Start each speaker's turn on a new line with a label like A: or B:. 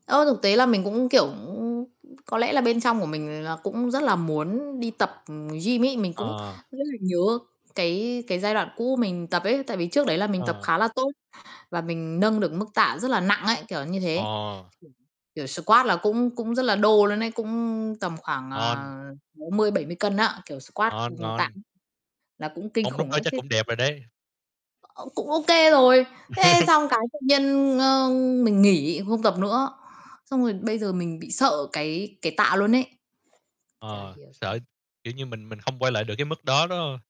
A: Ơ, thực tế là mình cũng, kiểu, cũng có lẽ là bên trong của mình nó cũng rất là muốn đi tập, ừm, gym ấy, mình cũng
B: Ờ.
A: rất là nhớ cái cái giai đoạn cũ mình tập ấy tại vì trước đấy là mình tập
B: Ờ.
A: khá là tốt và mình nâng được mức tạ rất là nặng ấy, kiểu như thế.
B: Ờ.
A: [unintelligible] Kiểu squat là cũng cũng rất là đô luôn ấy, cũng tầm khoảng,
B: Ngon.
A: ờ, 60, 70 cân á, kiểu, squat
B: Ngon,
A: cùng
B: ngon.
A: tạ, là cũng kinh
B: Mông lúc
A: khủng
B: đó
A: ấy.
B: chắc
A: Thế
B: cũng đẹp rồi đấy.
A: Ơ, cũng ô kê rồi, thế xong cái tự nhiên, ơ, mình nghỉ, không tập nữa, xong rồi bây giờ mình bị sợ cái cái tạ luôn ấy. Chả
B: Ờ,
A: hiểu
B: sợ,
A: [unintelligible]
B: kiểu như, mình mình không quay lại được cái mức đó, đúng hông?